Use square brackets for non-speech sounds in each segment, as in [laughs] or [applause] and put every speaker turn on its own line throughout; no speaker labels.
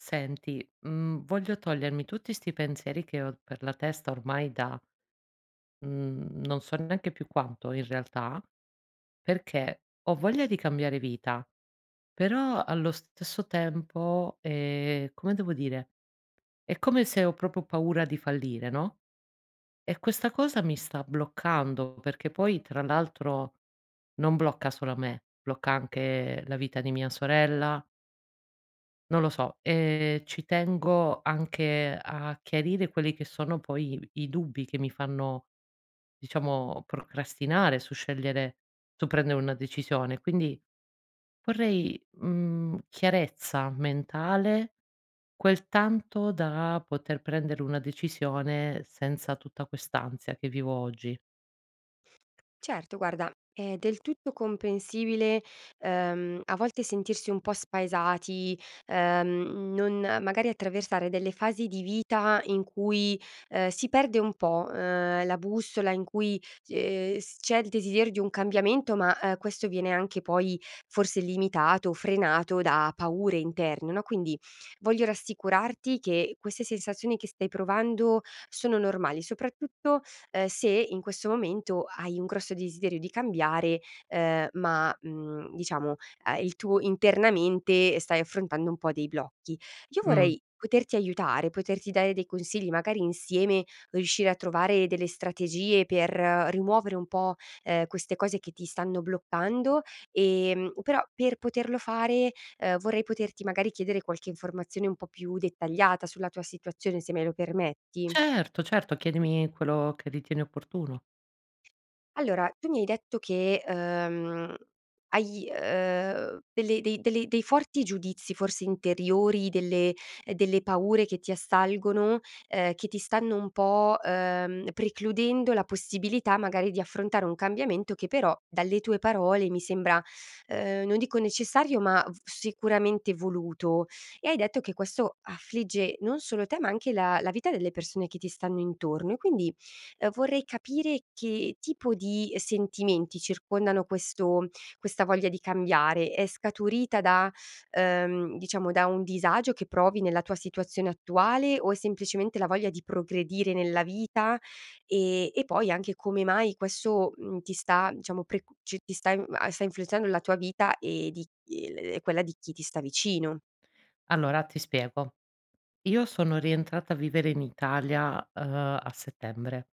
Senti mhmm, voglio togliermi tutti sti pensieri che ho per la testa ormai da mhmm non so neanche più quanto in realtà, perché ho voglia di cambiare vita, però allo stesso tempo è come devo dire, è come se ho proprio paura di fallire, no. E questa cosa mi sta bloccando, perché poi tra l'altro non blocca solo me, blocca anche la vita di mia sorella non lo so, e ci tengo anche a chiarire quelli che sono poi i dubbi che mi fanno diciamo procrastinare su scegliere su prendere una decisione. Quindi, vorrei, mhmm, chiarezza mentale, quel tanto da poter prendere una decisione senza tutta quest'ansia che vivo oggi.
Certo guarda, è del tutto comprensibile, ehm, a volte sentirsi un po' spaesati. Ehm, non magari attraversare delle fasi di vita, in cui, ehm, si perde un po', ehm, la bussola, in cui s ehm, c'è il desiderio di un cambiamento, ma eh, questo viene anche poi forse limitato o frenato da paure interne, no, quindi, voglio rassicurarti che queste sensazioni che stai provando sono normali, soprattutto, ehm, se in questo momento hai un grosso desiderio di cambiare, ehm, ma, mhmm, diciamo il tu internamente stai affrontando un po' dei blocchi. Io
Mh.
vorrei poterti aiutare, poterti dare dei consigli, magari insieme riuscire a trovare delle strategie per rimuovere un po', ehm, queste cose che ti stanno bloccando. Ehm, però per poterlo fare, ehm vorrei poterti magari chiedere qualche informazione un po' più dettagliata sulla tua situazione, se me lo permetti.
Certo, certo. Chiedimi quello che ritieni opportuno.
Allora tu mi hai detto che, ehm, hai, ehm, delle dei delle dei forti giudizi forse interiori, delle delle paure che ti assalgono, ehm, che ti stanno un po', ehm, precludendo la possibilità magari di affrontare un cambiamento che però dalle tue parole mi sembra, ehm, non dico necessario ma v sicuramente voluto. E, hai detto che questo affligge non solo te ma anche la la vita delle persone che ti stanno intorno. E quindi vorrei capire che tipo di sentimenti circondano questo questa voglia di cambiare. È scaturita da ehm, diciamo da un disagio che provi nella tua situazione attuale? O è semplicemente la voglia di progredire nella vita? E e poi anche come mai questo, mhmm, ti sta diciamo prec c ti sta m a influenzando nella tua vita e di ehm, quella di chi ti sta vicino?
Allora ti spiego. Io sono rientrata a vivere in Italia, ehm, a settembre,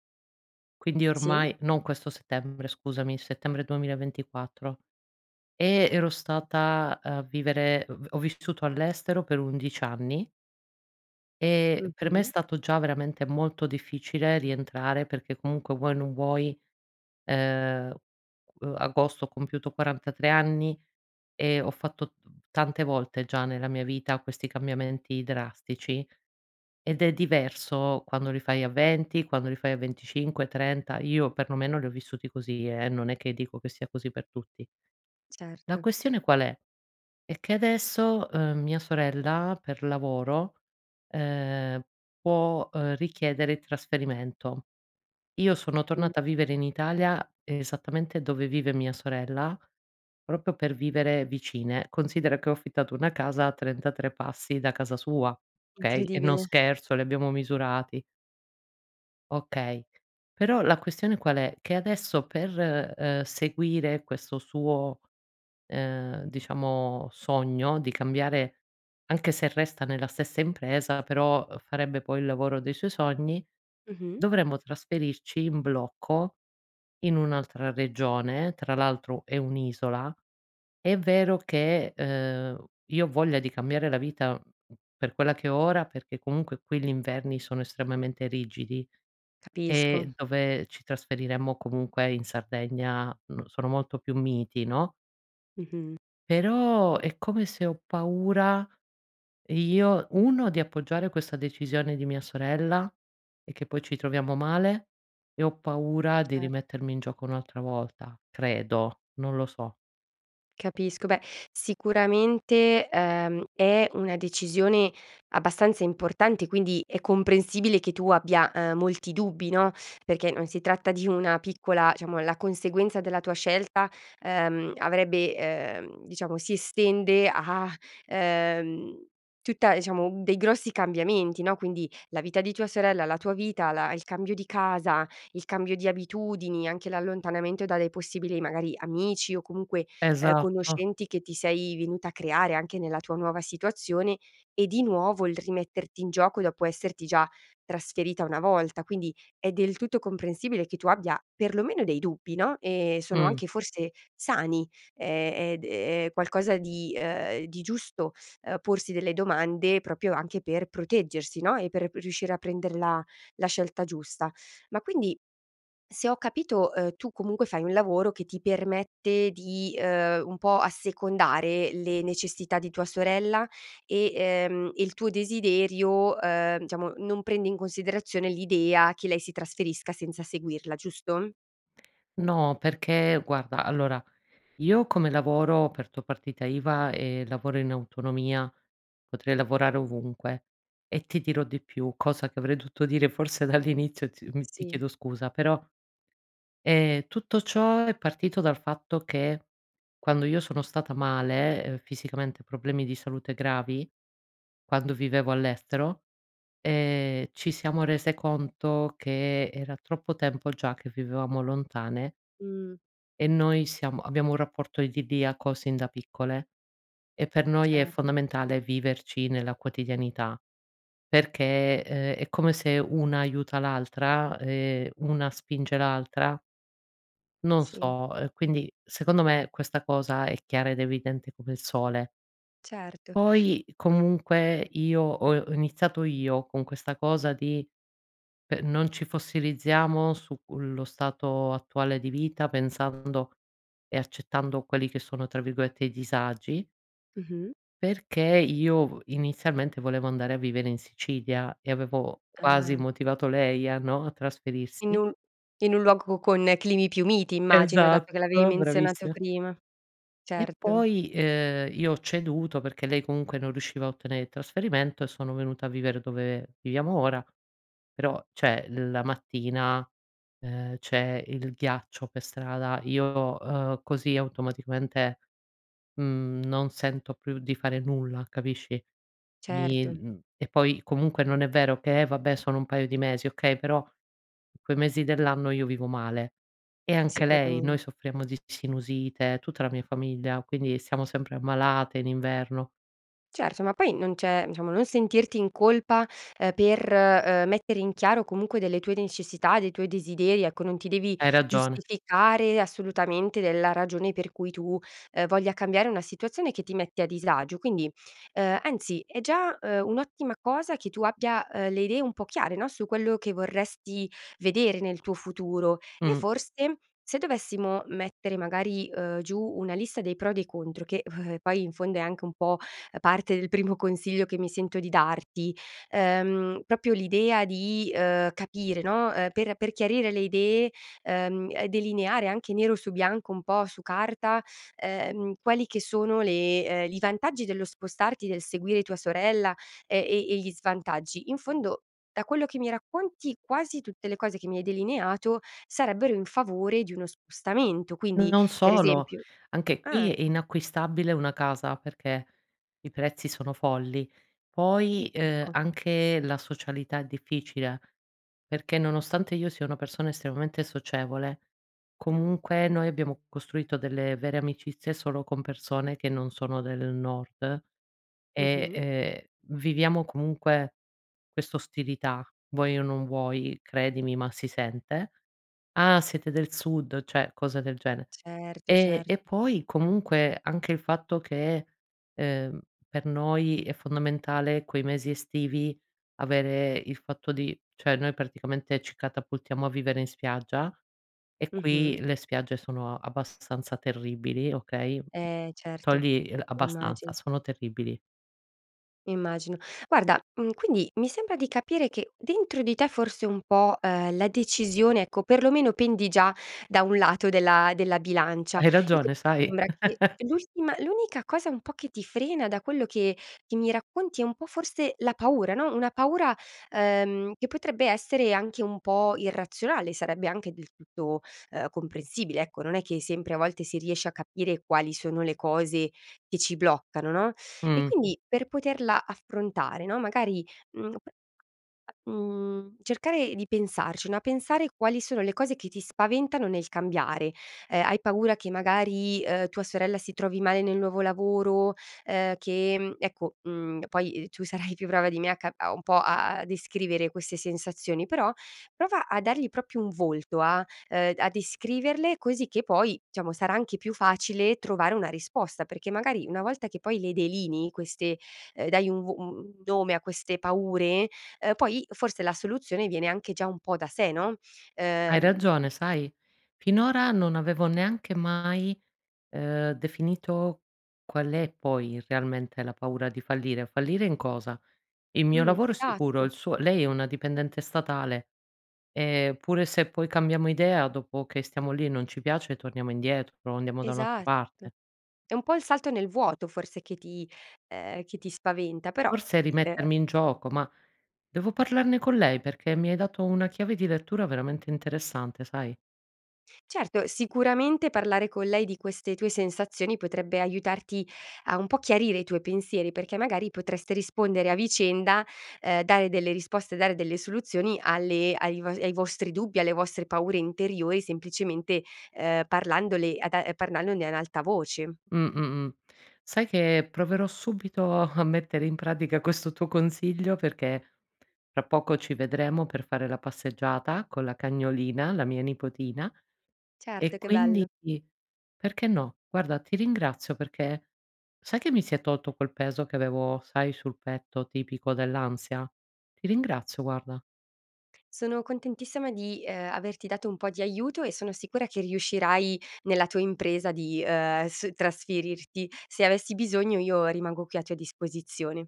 quindi
Sì.
ormai non questo settembre scusami, settembre 2024. E ero stata a vivere v ho vissuto all'estero per 11 anni. E per me è
Mh-mh.
stato già veramente molto difficile rientrare perché comunque vuoi o non vuoi, ehm, agosto ho compiuto 43 anni e ho fatto tante volte già nella mia vita questi cambiamenti drastici. Ed è diverso quando li fai a 20 quando li fai a 25, 30, Io perlomeno li ho vissuti così eh, non è che dico che sia così per tutti. La
Certo.
questione qual è? È che adesso, ehm, mia sorella per lavoro, ehm, può, ehm, richiedere il trasferimento. Io sono
Mh.
tornata a vivere in Italia esattamente dove vive mia sorella proprio per vivere vicine. Considera che ho affittato una casa a 33 passi da casa sua. Okay? E non
Incredibile!
scherzo li abbiamo misurati. Okay. Però la questione qual è? Che adesso per, ehm, seguire questo suo, ehm, diciamo, sogno di cambiare, anche se resta nella stessa impresa però farebbe poi il lavoro dei suoi sogni,
Mh-mh.
dovremmo trasferirci in blocco in un'altra regione, tra l'altro è un'isola. E' vero che, ehm, io ho voglia di cambiare la vita per quella che ho ora perché comunque qui gli inverni sono estremamente rigidi
Capisco.
e dove ci trasferiremmo comunque in Sardegna sono molto più miti no
Mh-mh.
però è come se ho paura io, 1 di appoggiare questa decisione di mia sorella e che poi ci troviamo male e ho paura di
Cer
rimettermi in gioco un'altra volta. Credo, non lo so.
Capisco. Beh, sicuramente, ehm, è una decisione abbastanza importante quindi è comprensibile che tu abbia, ehm, molti dubbi no, perché non si tratta di una piccola diciamo la conseguenza della tua scelta, ehm, avrebbe, ehm, diciamo si estende a, ehm, tutta diciamo dei grossi cambiamenti no, quindi la vita di tua sorella, la tua vita, la il cambio di casa, il cambio di abitudini, anche l'allontanamento dalle possibili magari amici o comunque, ehm,
Esatto.
conoscenti che ti sei venuta a creare anche nella tua nuova situazione e di nuovo il rimetterti in gioco dopo esserti già trasferita una volta. Quindi è del tutto comprensibile che tu abbia perlomeno dei dubbi no, e sono
Mh.
anche forse sani e e ed è qualcosa di, ehm, di giusto porsi delle domande proprio anche per proteggersi no, e per riuscire a prenderla la scelta giusta. Ma quindi, se ho capito, ehm, tu comunque fai un lavoro che ti permette di, ehm, un po' assecondare le necessità di tua sorella e ehm, il tuo desiderio, ehm, diciamo non prende in considerazione l'idea che lei si trasferisca senza seguirla giusto?
No, perché guarda allora io come lavoro ho aperto partita iva e lavoro in autonomia, potrei lavorare ovunque, e ti dirò di più, cosa che avrei dovuto dire forse dall'inizio ti mhmm, ti
Sì.
chiedo scusa, però, ehm, tutto ciò è partito dal fatto che, quando io sono stata male, ehm, fisicamente, problemi di salute gravi quando vivevo all'estero, ehm, ci siamo rese conto che era troppo tempo già che vivevamo lontane
Mh.
e noi siamo abbiamo un rapporto idilliaco sin da piccole, e per noi è
Cer
fondamentale viverci nella quotidianità perché, uhm, è come se una aiuta l'altra e una spinge l'altra non
Sì.
so, e quindi secondo me questa cosa è chiara ed evidente come il sole.
Certo.
Poi comunque io, ho ho iniziato io con questa cosa di pe non ci fossilizziamo sullo stato attuale di vita, pensando e accettando quelli che sono tra virgolette "i disagi"
Mh-mh.
perché io v inizialmente volevo andare a vivere in Sicilia e avevo quasi
Ah.
motivato lei a no, a
In
trasferirsi
un in un luogo con climi più miti immagino, dato che l'avevi
Esatto,
menzionato
bravissima.
prima.
E
Certo.
poi, ehm, io ho ceduto perché lei comunque non riusciva a ottenere il trasferimento e sono venuta a vivere dove viviamo ora, però cioè l la mattina, ehm, c'è il ghiaccio per strada io, uhm, così automaticamente, mhmm, non sento più di fare nulla capisci? Mi
Certo.
mhmm, e poi comunque non è vero che: "Eh, va beh sono un paio di mesi." Okay, però in quei mesi dell'anno io vivo male, e anche lei.
Sicuramen
Noi soffriamo di sinusite, tutta la mia famiglia, quindi siamo sempre ammalate in inverno.
Certo, ma poi non c'è diciamo non sentirti in colpa, ehm, per, uhm, mettere in chiaro comunque delle tue necessità, dei tuoi desideri, ecco, non ti devi
Hai ragione.
giustificare assolutamente della ragione per cui tu, ehm, voglia cambiare una situazione che ti mette a disagio. Quindi, ehm, anzi è già, uhm, un'ottima cosa che tu abbia, uhm, le idee un po' chiare, no, su quello che vorresti vedere nel tuo futuro, e
Mh.
forse se dovessimo mettere magari, uhm, giù una lista dei pro e dei contro che [chuckles] poi in fondo è anche un po' parte del primo consiglio che mi sento di darti, ehm, proprio l'idea di, uhm, capire, no, ehm, per per chiarire le idee, ehm, e delineare anche nero su bianco, un po' su carta, ehm, quali che sono le ehm, i vantaggi dello spostarti, del seguire tua sorella, e e e gli svantaggi. In fondo da quello che mi racconti, quasi tutte le cose che mi hai delineato sarebbero in favore di uno spostamento,
N
quindi
non
per
solo,
esempio
anche qui
ah!
è inacquistabile una casa perché i prezzi sono folli. Poi, ehm,
Ecco.
anche la socialità è difficile, perché nonostante io sia una persona estremamente socievole comunque noi abbiamo costruito delle vere amicizie solo con persone che non sono del nord, e,
Mh-mh.
ehm, viviamo comunque questa ostilità vuoi o non vuoi. Credimi, ma si sente: "Ah siete del sud," cioè cose del gene.
Certo,
Ehm,
cer
e poi comunque anche il fatto che, ehm, per noi è fondamentale quei mesi estivi avere il fatto di cioè noi praticamente ci catapultiamo a vivere in spiaggia, e
Mh-mh.
qui le spiagge sono abbastanza terribili, okay?
Eh, certo.
Togli il
Immagin
abbastanza, sono terribili.
Immagino. Guarda, mhmm, quindi mi sembra di capire che dentro di te forse un po', ehm, la decisione ecco perlomeno pendi già da un lato della della bilancia
Hai
e quindi
ragione, sai?
sembra che
[laughs]
l'ultima l'unica cosa un po' che ti frena da quello che che mi racconti è un po' forse la paura, no, una paura, ehm, che potrebbe essere anche un po' irrazionale, sarebbe anche del tutto, ehm, comprensibile ecco. Non è che hai sempre a volte si riesce a capire quali sono le cose che ci bloccano, no, e
Mh.
quindi per poterla affrontare, no, magari, mhmm, [unintelligible] mhmm, cercare di pensarci, no, pensare quali sono le cose che ti spaventano nel cambiare. Ehm, hai paura che magari, uhm, tua sorella si trovi male nel nuovo lavoro, ehm, che, mhmm, ecco, mhmm, poi tu sarai più brava di me a ca un po' a a a descrivere queste sensazioni, però prova a dargli proprio un volto a, ehm, d a descriverle così che poi diciamo sarà anche più facile trovare una risposta. Perché magari una volta che poi le delinei queste, ehm, dai un v u u un nome a queste paure, ehm, poi forse la soluzione viene anche già un po' da sé, no?
Hai
Ehm
ragione, sai? Finora non avevo neanche mai, ehm, definito qual è poi realmente la paura di fallire. Fallire in cosa? Il mio
Mh,
lavoro è sicuro,
esatto.
il suo lei è una dipendente statale, ehm, pure se poi cambiamo idea dopo che stiamo lì e non ci piace torniamo indietro, o andiamo da un'altra
Esatto.
parte.
È un po' il salto nel vuoto forse che ti, ehm, che ti spaventa. Però
Forse
[unintelligible] ehm
rimettermi in gioco, ma devo parlarne con lei perché mi hai dato una chiave di lettura veramente interessante, sai?
Certo, sicuramente parlare con lei di queste tue sensazioni potrebbe aiutarti a un po' chiarire i tuoi pensieri, perché magari potreste rispondere a vicenda, ehm, dare delle risposte, dare delle soluzioni alle ai vo ai vostri dubbi, alle vostre paure interiori semplicemente, ehm, parlandone ad a parlandone ad alta voce.
Mh, mh, mh. Sai che proverò subito a [chuckles] mettere in pratica questo tuo consiglio, perché tra poco ci vedremo per fare la passeggiata con la cagnolina, la mia nipotina, e
Certo, che
quindi
bello.
perché no. Guarda, ti ringrazio perché sai che mi si è tolto quel peso che avevo sai sul petto tipico dell'ansia? Ti ringrazio guarda.
Sono contentissima di, ehm, averti dato un po' di aiuto e sono sicura che riuscirai nella tua impresa di, uhm, es trasferirti. Se avessi bisogno io rimango qui a tua disposizione.